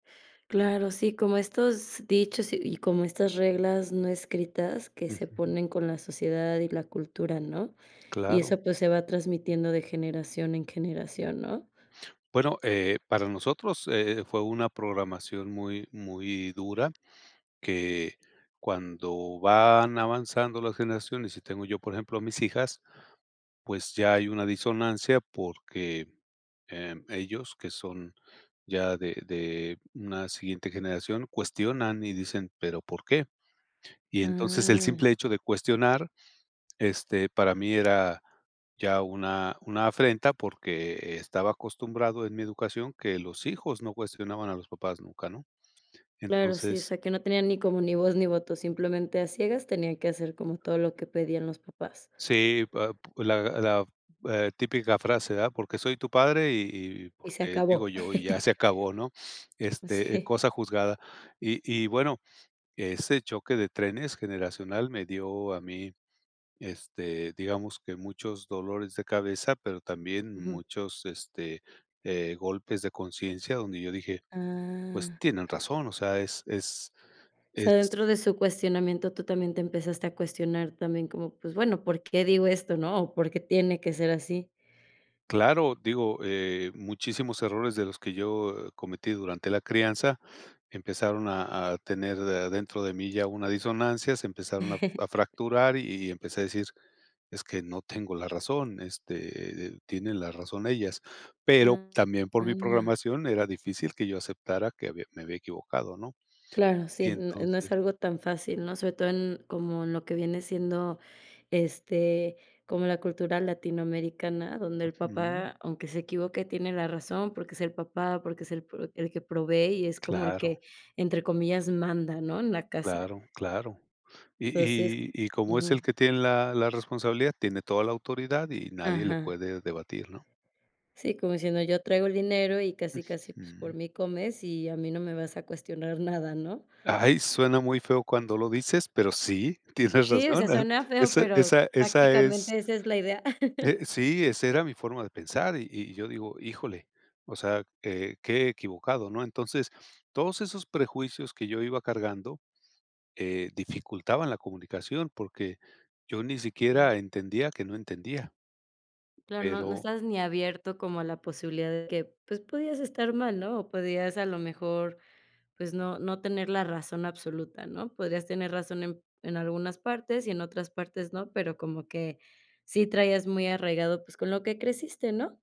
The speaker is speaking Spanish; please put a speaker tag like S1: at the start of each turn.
S1: Claro, sí, como estos dichos y y como estas reglas no escritas que se
S2: Ujú.
S1: ponen con la sociedad y la cultura, ¿no? Y
S2: Claro.
S1: eso, pues, se va transmitiendo de generación en generación, ¿no?
S2: Bueno, eh, para nosotros, eh, fue una programación muy muy dura. Que cuando van avanzando las generaciones y tengo yo, por ejemplo, a mis hijas, pues, ya hay una disonancia, porque, eh, ellos, que son ya de de una siguiente generación, cuestionan y dicen: "Pero, ¿por qué?". Y entonces, el
S1: Ah.
S2: simple hecho de cuestionar, este, para mí era ya una una afrenta, porque estaba acostumbrado en mi educación que los hijos no cuestionaban a los papás nunca, ¿no?
S1: Claro, sí. O
S2: Entonces
S1: sea, que no tenían ni como ni voz ni voto. Simplemente a ciegas tenían que hacer como todo lo que pedían los papás.
S2: Sí, pa la la, eh, típica frase: "Ah, porque soy tu padre y y y
S1: Y se
S2: porque digo
S1: acabó.
S2: yo, y ya se acabó", ¿no? Este, eh,
S1: Sí.
S2: cosa juzgada. Y y bueno, ese choque de trenes generacional me dio a mí, este, digamos que muchos dolores de cabeza, pero también
S1: Ujú.
S2: muchos, este, eh, golpes de conciencia donde yo dije: "Pues,
S1: Ah.
S2: tienen razón". O sea, es es
S1: O
S2: es
S1: sea, dentro de su cuestionamiento, tú también te empezaste a cuestionar también como, pues bueno, ¿por qué digo esto? ¿No? O, ¿por qué tiene que ser así?
S2: Claro, digo, eh, muchísimos errores de los que yo, eh, cometí durante la crianza, empezaron a a tener de adentro de mí ya una disonancia, se empezaron a a fracturar y y empecé a decir: "Es que no tengo la razón. Este, eh, tienen la razón ellas". Pero,
S1: Ah
S2: también por mi
S1: ah.
S2: programación era difícil que yo aceptara que había me había equivocado, ¿no?
S1: Claro,
S2: Y
S1: sí, n no es
S2: entonces
S1: algo tan fácil, ¿no? Sobre todo en como lo que viene siendo, este, como la cultura latinoamericana, donde el
S2: Ujú.
S1: papá, aunque se equivoque, tiene la razón porque es el papá, porque es el pro el que provee y es como el
S2: Claro.
S1: que, entre comillas, manda, ¿no? En la casa.
S2: Claro, claro. Y
S1: Enonces
S2: y y como es el
S1: ujú.
S2: que tiene la la responsabilidad, tiene toda la autoridad y nadie le
S1: Ajá.
S2: puede debatir, ¿no?
S1: Sí, como diciendo yo traigo el dinero y casi, casi, pues,
S2: Ujú.
S1: por mí comes y a mí no me vas a cuestionar nada, ¿no?
S2: ¡Ay! Suena muy feo cuando lo dices, pero sí, tienes
S1: Sí, o sea,
S2: razón, ¿eh?
S1: suena feo,
S2: Esa
S1: pero
S2: esa esa es
S1: prácticamente esa es la idea.
S2: eh, sí, esa era mi forma de pensar y y yo digo: "Híjole". O sea, eh, qué equivocado, ¿no? Entonces, todos esos prejuicios que yo iba cargando, eh, dificultaban la comunicación porque yo ni siquiera entendía que no entendía.
S1: Claro, no no
S2: Pero
S1: estás ni abierto como a la posibilidad de que, pues podías estar mal, ¿no? O podías, a lo mejor, pues no no tener la razón absoluta, ¿no? Podrías tener razón en en algunas partes y en otras partes no, pero como que sí traías muy arraigado, pues, con lo que creciste, ¿no?